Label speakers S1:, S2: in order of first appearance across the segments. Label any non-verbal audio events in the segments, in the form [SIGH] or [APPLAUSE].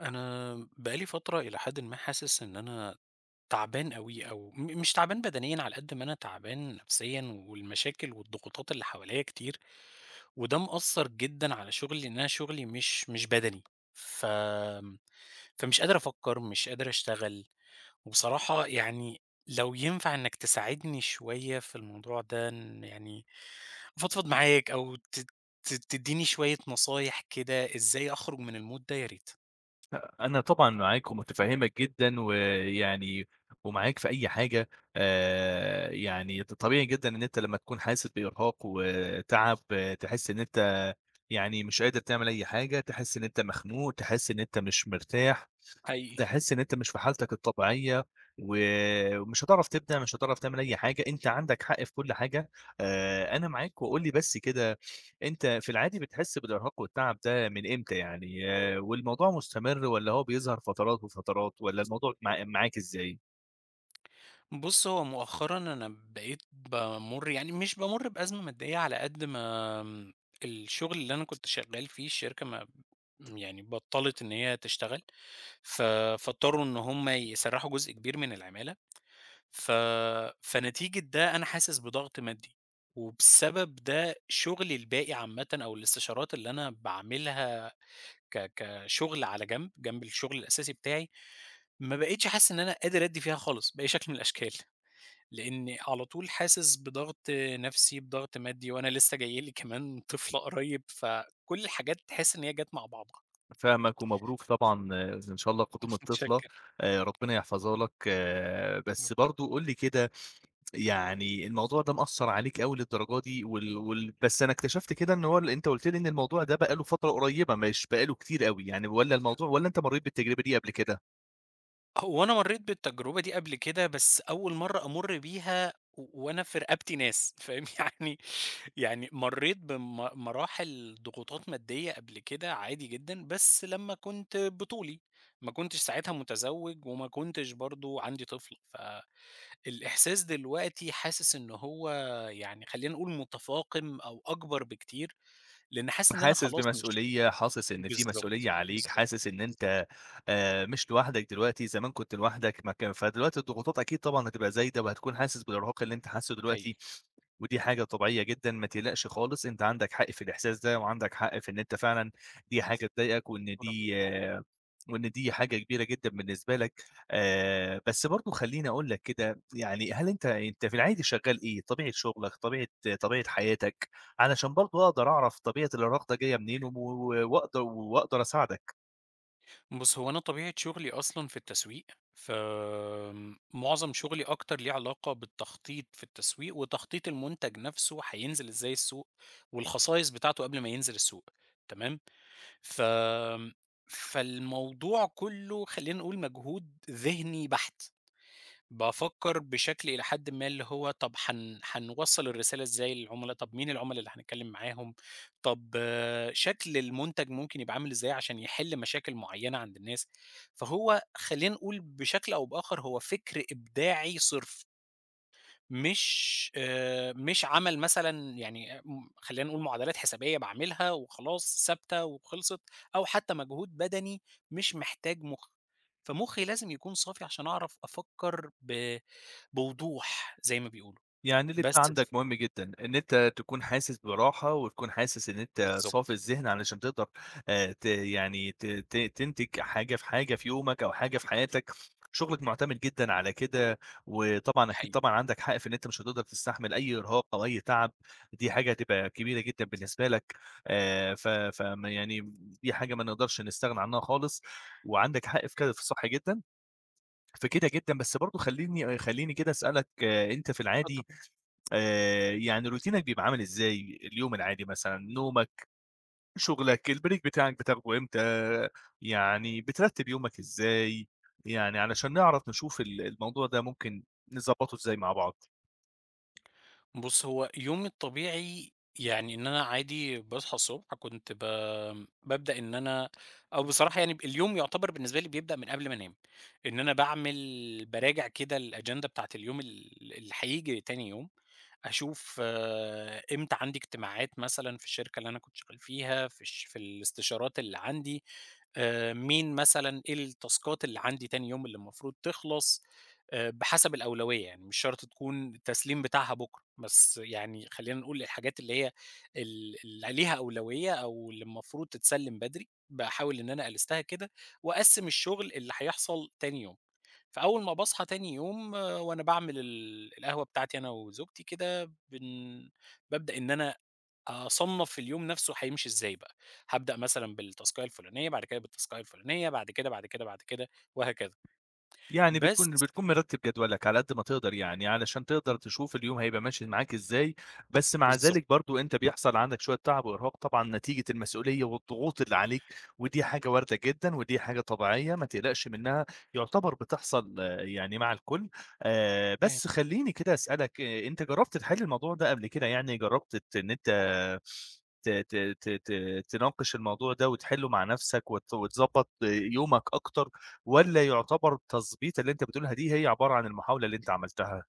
S1: أنا بقى لي فترة إلى حدٍ ما حاسِس إن أنا تعبان اوي، أو م مش تعبان بدنيًا على قد ما أنا تعبان نفسيًا والمشاكل والضغوطات اللي حواليّا كتير، وده مأثّر جدًا على شُغلي، لإن أنا شُغلي مش مش بدني، ف فمش قادر أفكّر، مش قادر أشتغل، وبصراحة يعني لو ينفع إنَّك تساعدني شوية في الموضوع ده، إن يعني أفضفض معاك، أو ت ت تديني شوية نصايح كده، إزاي أخرُج من الMood ده يا ريت.
S2: آآ أنا طبعًا معاك ومُتفهّمك جدًا، ويعني ومعاك في أي حاجة، آآ يعني ط طبيعي جدًا إن أنت لما تكون حاسِسّ بإرهاق و تعب، تحِسّ إن أنت يعني مش قادر تعمل أي حاجة، تحِسّ إن أنت مخنوق، تحِسّ إن أنت مش مرتاح،
S1: حقيقي.
S2: تحِسّ إن أنت مش في حالتك الطبيعية، و ومش هتعرف تبدع مش هتعرف تعمل أي حاجة، أنت عندك حق في كُلّ حاجة، آآ أنا معاك، وقُل لي بس كده أنت في العادي بتحِسّ بالإرهاق والتعب ده من إمتى يعني، والموضوع مُستمر والّا هو بيظهر فترات وفترات، والّا الموضوع مع معاك إزاي؟
S1: بُصّ، هو مؤخرًا أنا بقيت بامُر يعني مش بامُر بأزمة مادّية على قد ما الشغل اللي أنا كنت شغّال فيه، الشركة ما يعني بطّلِت إن هي تشتغل ف فاضطروا إن هُم يسَرّحوا جزء كبير من العمَالة، ف فنتيجة ده أنا حاسس بضغْط مادّي وبسبب ده شُغلي الباقي عامةً أو الإستشارات اللي أنا باعملها ك كشُغل على جنب، جنب الشغل الأساسي بتاعي ما بقيتش حاسس إن أنا قادر أدّي فيها خالص بأي شكْل من الأشكال، لأني على طول حاسس بضغْط نَفسي، بضغط مادّي وأنا لسّه جاي لي كمان طفلة قريّب فكلّ الحاجات تحس إن هي جات مع بعضه
S2: فاهمك ومبروك طبعًا إن شاء الله
S1: م
S2: قدوم الطفلة
S1: مُتشكّر.
S2: آآ، ربنا يحفَظها لك، بس
S1: [UNINTELLIGIBLE]
S2: برضه قُل لي كده، يعني الموضوع ده مأثّر عليك اوي للدرجة دي وال وال بس أنا اكتشفت كده إن هو ال أنت قُلت لي إن الموضوع ده بقى له فترة قريّبة مش بقى له كتير أوي يعني، والّا الموضوع والّا أنت مرّيت بالتجربة دي قبل كده؟
S1: هو أنا مرّيت بالتجربة دي قبل كده، بس أول مرّة أمُرّ بيها و وأنا في رقبتي ناس، فاهم، يعني يعني مرّيت بم مراحل ضغوطات ماديّة قبْل كده عادي جدًا بس لمّا كُنت بطُولي، ما كنتش ساعتها متزوّج، وما كُنتش برضه عندي طفل، فالإحساس دلوقتي حاسس إن هو يعني خلّينا نقول متفاقِم أو أكبر بكتير، لإن حاسس إن أنا
S2: حاسس
S1: خلاص مش
S2: بمسؤولية، حاسس إن في مسؤولية
S1: بالضبط،
S2: عليك،
S1: بالضبط،
S2: حاسس إن
S1: بالضبط.
S2: أنت آآ مش لوحدك دلوقتي، زمان كنت لوحدك ما كان فدلوقتي الضغوطات أكيد طبعًا هتبقى زايدة وهتكون حاسس بالإرهاق اللي أنت حاسّه دلوقتي
S1: حقيقي.
S2: ودي حاجة طبيعية جدًا، ما تقلقش خالص أنت عندك حق في الإحساس ده وعندك حق في إن أنت فعلًا دي حاجة تضايقك وإن
S1: [UNINTELLIGIBLE]
S2: دي وإن دي حاجة كبيرة جدًا بالنسبة لك آآ، بس برضه خلّيني أقول لك كده يعني، هل أنت أنت في العادي شغّال إيه؟ طبيعة شُغلك، طبيعة طبيعة حياتك، علشان برضه أقدَر أعرَف طبيعة الإرهاق جايّة منين وم و و وأقدَ وأقدَر أساعدك؟
S1: بُص، هو أنا طبيعة شُغلي أصلًا في التسويق، فمُعظَم شُغلي أكتر ليه علاقة بالتخطيط في التسويق، وتخطيط المنتج نفسه هينزل إزاي السوق والخصائص بتاعته قبل ما ينزل السوق تمام؟ ف فالموضوع كلّه خلّينا نقول مجهود ذهني بحت، بافكر بشكل إلى حدٍ ما اللي هو طَب هن هنوصَّل الرسالة إزاي للعملا، طب مين العملا اللي هنتكلم معاهم، طَب شكل المُنتَج ممكن يبقى عامل إزاي علشان يحِل مشاكل معيّنة عند الناس، فهو خلّينا نقول بشكل أو بآخر هو فِكر إبداعي صِرف. مش آآ مش عَمَل مثلًا يعني خلّينا نقول معادلات حسابية باعملها وخلاص ثابتة وخِلصت، أو حتى مجهود بدني مش محتاج مخّ، فمخّي لازم يكون صافي علشان أعرف أفكّر ب بوضوح زي ما بيقولوا
S2: يعني اللي أنت
S1: بس ف
S2: عندَك مهم جدًا؛ إن أنت تكون حاسس براحة وتكون حاسس إن أنت
S1: بالضبط.
S2: صافي الذهن علشان تقدر آآ ت يعني ت ت تِنتِج حاجة في حاجة في يومَك أو حاجة في حياتَك، شُغلَك مُعتمِد جدًا على كده وطبعًا، أكيد
S1: حقيقي.
S2: طبعًا، عندَك حق في إن أنت مش هتقدر تستحمل أي إرهاق أو أي تعب ودي حاجة هتبقى كبيرة جدًا بالنسبة لَك، آآ ف ف م يعني دي حاجة ما نقدرش نستغنى عنّها خالص وعندَك حق في ك في الصح جدًا، فكده جدًا، بس برضه خلّيني خلّيني كده أسألك أنت في
S1: اتفضل.
S2: العادي آآ يعني روتينك بيبقى عامل إزاي؟ اليوم العادي مثلًا، نومَك، شُغلَك، الBreak بتاعَك بتاخده إمتى؟ يعني بترتب يومَك إزاي؟ يعني علشان نعرف نشوف ال الموضوع ده ممكن نضبّطه إزاي مع بعض.
S1: بُصّ، هو يومي الطبيعي، يعني إن أنا عادي باصحى الصبح كنت ب بابدأ إن أنا أو بصراحة يعني ب اليوم يُعتبَر بالنسبة لي بيبدأ من قبل ما أنام، إن أنا باعمل، باراجع كده الagenda بتاعة اليوم ال اللي هييجي تاني يوم، أشوف آآ إمتى عندي اجتماعات مثلًا في الشركة اللي أنا كنت شغّال فيها في الش في الاستشارات اللي عندي آآ، مين مثلًا، إيه التاسكات اللي عندي تاني يوم اللي المفروض تخلَص آآ، بِحسَب الأولوية يعني مش شرط تكُون التسليم بتاعها بُكرة بس يعني خلّينا نقول الحاجات اللي هي ال اللي ليها أولوية أو اللي المفروض تتسلّم بدري باحاول إن أنا ألستها كده وأقسّم الشغل اللي هيحصَل تاني يوم، فأول ما باصحى تاني يوم وأنا باعمل ال القهوة بتاعتي أنا وزوجتي كده، بن بابدأ إن أنا أصنّف اليوم نَفسه هيمشي إزاي بقى، هابدأ مثلًا بالتاسكاية الفُلانية، بَعد كده بالتاسكاية الفُلانية، بَعد كده، بَعد كده، بَعد كده وهكذا
S2: يعني
S1: بس
S2: بتكُون بتكُون مرتِّب جدولك على قد ما تقدَر يعني علشان تقدَر
S1: إمم.
S2: تشوف اليوم هيبقى ماشي معاك إزاي، بس مع
S1: بالضبط.
S2: ذلك برضه أنت بيحصَل عندك شويّة تعَب وإرهاق طبعًا نتيجة المسؤولية والضغوط اللي عليك ودي حاجة واردة جدًا ودي حاجة طبيعية ما تقلَقش منّها يعتبر بتحصَل يعني مع الكلّ آآ،
S1: اهم.
S2: بس خلّيني كده أسألك، أنت جرّبت تحِل الموضوع ده قبل كده يعني، جرّبت تت إن أنت ت ت ت ت تناقش الموضوع ده وتحِلّه مع نَفسك وت وتضبّط يومك أكتر والّا يعتبر تضبيطة اللي أنت بتقولها دي هي عبارة عن المحاولة اللي أنت عملتها؟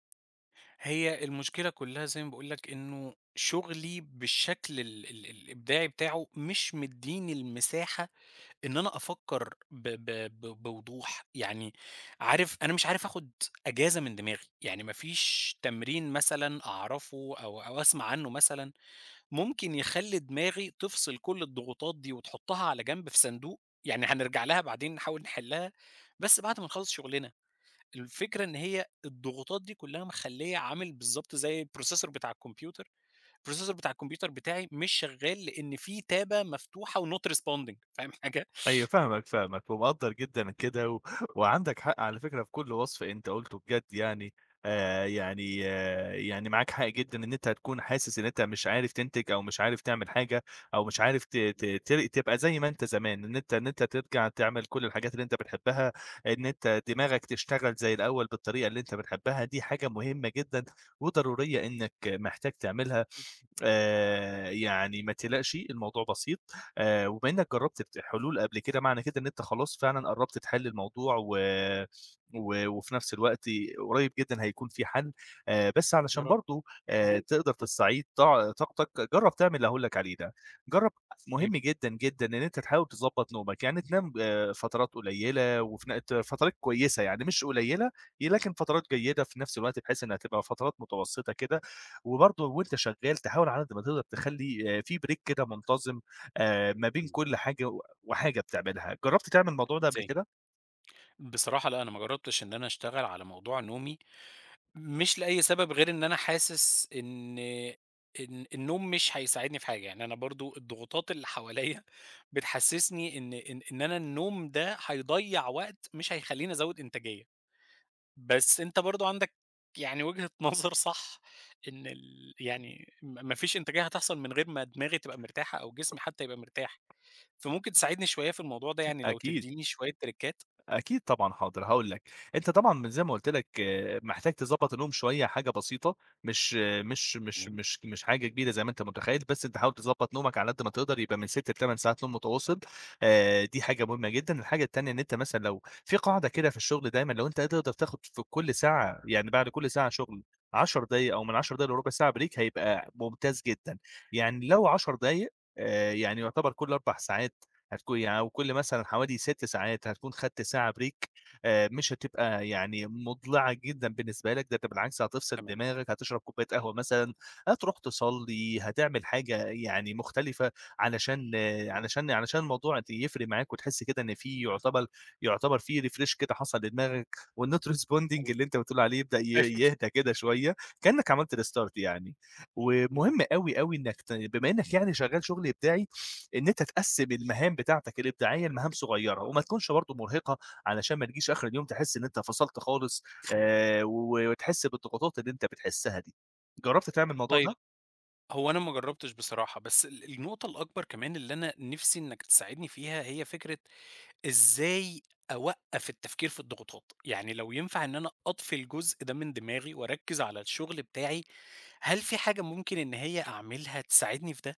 S1: هي المشكلة كلّها زي ما باقول لك إنه شُغلي بالشكل ال ال الإبداعي بتاعه مش مدّيني المساحة إن أنا أفكّر ب ب ب بوضوح، يعني عارف أنا مش عارف آخُد أجازة من دماغي، يعني ما فيش تمرين مثلًا أعرَفه أو أو أسمَع عنه مثلًا ممكن يخلّي دماغي تفصِل كلّ الضغوطات دي وتحطّها على جنب في صندوق، يعني هنرجَع لها بعدين نحاول نحلّها، بس بعد ما نخلّص شُغلنا. الفكرة إن هي الضغوطات دي كلها مخليّة عامل بالضبط زي الprocessor بتاع الكمبيوتر processor بتاع الكمبيوتر بتاعي مش شغّال لأن في تابة مفتوحة وnot responding فاهم حاجة؟ [CHUCKLES]
S2: أيوه فاهمك، فاهمك ومقدّر جدًا كده و وعنَدك حق على فكرة في كلّ وصْف أنت قُلته بجد يعني آآ، يعني، يعني معاك حق جدًا إن أنت تكُون حاسس إن أنت مش عارف تنتِج أو مش عارف تعمِل حاجة أو مش عارف ت ت تر تبقى زي ما أنت زمان، إن أنت إن أنت ترجَع تعمل كلّ الحاجات اللي أنت بتحبّها إن أنت دماغك تشتغل زي الأول بالطريقة اللي أنت بتحبّها، دي حاجة مهمة جدًا وضرورية إنك محتاج تعملها آآ، يعني ما تقلَقش الموضوع بسيط آآ، وبما إنك جرّبت حلول قبل كده، معنى كده إن أنت خلاص فعلًا قرّبت تحِل الموضوع، و و وفي نفْس الوقت قريب جدًا هيكُون في حَل آآ، بس
S1: يا
S2: علشان
S1: رب.
S2: برضه تقدَر تستعيد طع طاقتك جرّب تعمل اللي هأقول لك عليه ده، جرّب، مهم
S1: [UNINTELLIGIBLE]
S2: جدًا، جدًا، إن أنت تحاول تضبّط نومك، يعني تنام ب فترات قليّلة وف ن ت فتَرَات كويسة يعني مش قليّلة ي لكن فترات جيدة في نفْس الوقت بحيث إنها تبقى فترات متوسّطة كده وبرضه وأنت شغّال تحاول على قد ما تقدَر تخلّي في break كده منتظِم آآ ما بين
S1: [UNINTELLIGIBLE]
S2: كلّ حاجة وحاجة بتعملها، جرّبت تعمل الموضوع ده قبل
S1: إزاي؟
S2: كده؟
S1: بصراحة لأ، أنا ما جرّبتش إن أنا أشتغل على موضوع نومي، مش لأي سبب غير إن أنا حاسس إن إن النوم مش هيساعدني في حاجة، يعني أنا برضه الضغوطات اللي حواليّا [CHUCKLES] بتحسّسني إن إن إن أنا النوم ده هيضيّع وقت، مش هيخلّيني ازوّد إنتاجية. بس أنت برضه عندك يعني وجهة نظر [CHUCKLES] صح، إن ال يعني ما ما فيش إنتاجية هتحصَل من غير ما دماغي تبقى مرتاحة أو جسمي حتى يبقى مرتاح، فممكن تساعدني شوية في الموضوع ده يعني لو
S2: أكيد.
S1: تدّيني شوية تِرِكات؟
S2: أكيد طبعًا، حاضر، هاقول لك، أنت طبعًا زي ما قُلت لك، محتاج تضبّط النوم شوية حاجة بسيطة، مش مش مش
S1: [UNINTELLIGIBLE]
S2: مش مش حاجة كبيرة زي ما أنت متخيّل، بس أنت حاول تضبّط نومك على قد ما تقدر يبقى من 6 ل8 ساعات نوم متواصل آآ، دي حاجة مهمة جدًا، الحاجة التانية إن أنت مثلًا لو في قاعِدة كده في الشغل دايمًا لو أنت قادر تقدَر تاخد في كلّ ساعة، يعني بعد كلّ ساعة شُغل 10 دقايق أو من 10 دقائق لرُبع ساعة break هيبقى ممتاز جدًا، يعني لو 10 دقايق آآ، يعني يُعتبَر كل 4 ساعات هتكُو يعني أو كل مثلًا حوالي 6 ساعات هتكُون خَدْت ساعة break آآ مش هتبقى يعني مُضلِعة جدًا بالنسبة لك، ده ده بالعكس، هتفصِل
S1: تمام.
S2: دماغك، هتشرَب كوباية قهوة مثلًا، هتروح تصّلي، هتعمِل حاجة يعني مختلِفة علشان
S1: اهم.
S2: علشان علشان الموضوع يفرِق معاك وتحس كده إن في يُعتبَل يُعتبَر فيه refresh كده حصَل لدماغك والnot responding
S1: [UNINTELLIGIBLE]
S2: اللي أنت بتقول عليه يبدأ ي
S1: [UNINTELLIGIBLE]
S2: يهدّى كده شوية، كأنك عملت restart يعني،
S1: يا رب.
S2: ومهِم أوي، أوي إنك ت بما إنك يعني شغّال شُغل إبداعي إن أنت تقسّم المهام بتاعتك الإبداعية لمهام صغيرة وما تكُونش برضه مرهقِة علشان ما نجيش آخِر اليوم تحس إن أنت فصَلت خالص آآ و وتحس بالضغوطات اللي أنت بتحسها دي. جرّبت تعمِل الموضوع
S1: طيب،
S2: ده؟
S1: هو أنا ما جرّبتش بصراحة، بس ال النقطة الأكبر كمان اللي أنا نفسي إنك تساعدني فيها، هي فكرة إزاي أوقّف التفكير في الضغوطات، يعني لو ينفَع إن أنا أطفي الجزء ده من دماغي وأركِّز على الشغل بتاعي، هل في حاجة ممكن إن هي أعملها تساعدني في ده؟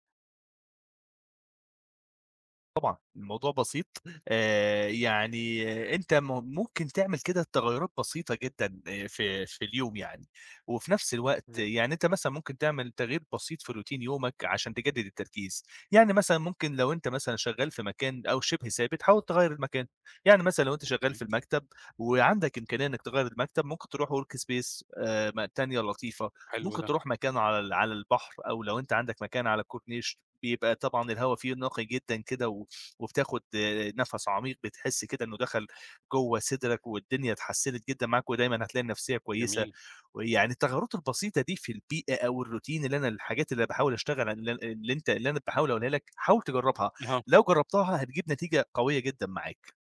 S2: طبعًا، الموضوع بسيط آآ يعني أنت م مُمكن تعمل كده تغيُّرات بسيطة جدًا في في اليوم يعني، وفي نفس الوقت
S1: زي؟
S2: يعني أنت مثلًا ممكن تعمل تغيير بسيط في Routine يومِك علشان تجدد التركيز، يعني مثلًا ممكن لو أنت مثلًا شغال في مكان أو شبه ثابت، حاول تغيّر المكان، يعني مثلًا لو أنت شغال في
S1: أوكي.
S2: المكتب وعندَك إمكانية إنَّك تغيّر المكتب، مُمكن تروح Work space آآ ما تانية لطيفة،
S1: حلو
S2: ممكن
S1: ده.
S2: تروح مكان على على البحر، أو لو أنت عندّك مكان على الكورنيش، يبقى طبعًا الهوا فيه نقي جدًا كده و وبتاخد آآ نفس عميق بتحِسّ كده إنه دخّل جوا صِدرَك، والدنيا اتحسّنت جدًا معاك ودايمًا هتلاقي النفسية كويسة،
S1: جميل.
S2: ويعني التغيُّرات البسيطة دي في البيئة أو الRoutine اللي أنا الحاجات اللي باحاول أشتغل عن اللي أنت اللي أنا باحاول أقولها لّك حاول تجربها،
S1: أها.
S2: لو جربتها هتجيب نتيجة قوية جدًا معاك.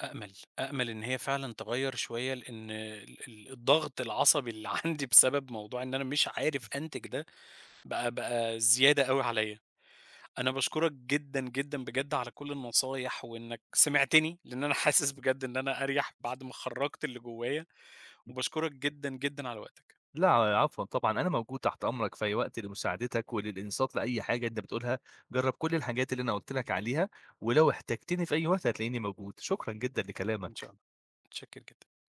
S1: أأمل، أأمل إن هي فعلًا تغيّر شوية، لإن ال الضغط العصبي اللي عندي بسبب موضوع إن أنا مش عارف أنتِج ده، بقى بقى زيادة أوي عليّا، أنا باشكرَك جدًا، جدًا، بجد على كُلّ النصايح، وإنَّك سمعتني لإن أنا حاسِس بجد إن أنا أريَح بعد ما خرَّجت اللي جوايا، وباشكرك جدًا، جدًا على وقتك.
S2: لأ، ع عفوًا طبعًا أنا موجود تحت أمرَك في أي وقت، لمُساعدتَك وللإنصات لأي حاجة أنت بتقولها، جرَّب كُلّ الحاجات اللي أنا قُلت لَك عليها، ولو احتاجتني في أي وقت هتلاقيني موجود، شكرًا جدًا
S1: إن شاء
S2: لكلامَك.
S1: الله، مُتشكّر جدًا.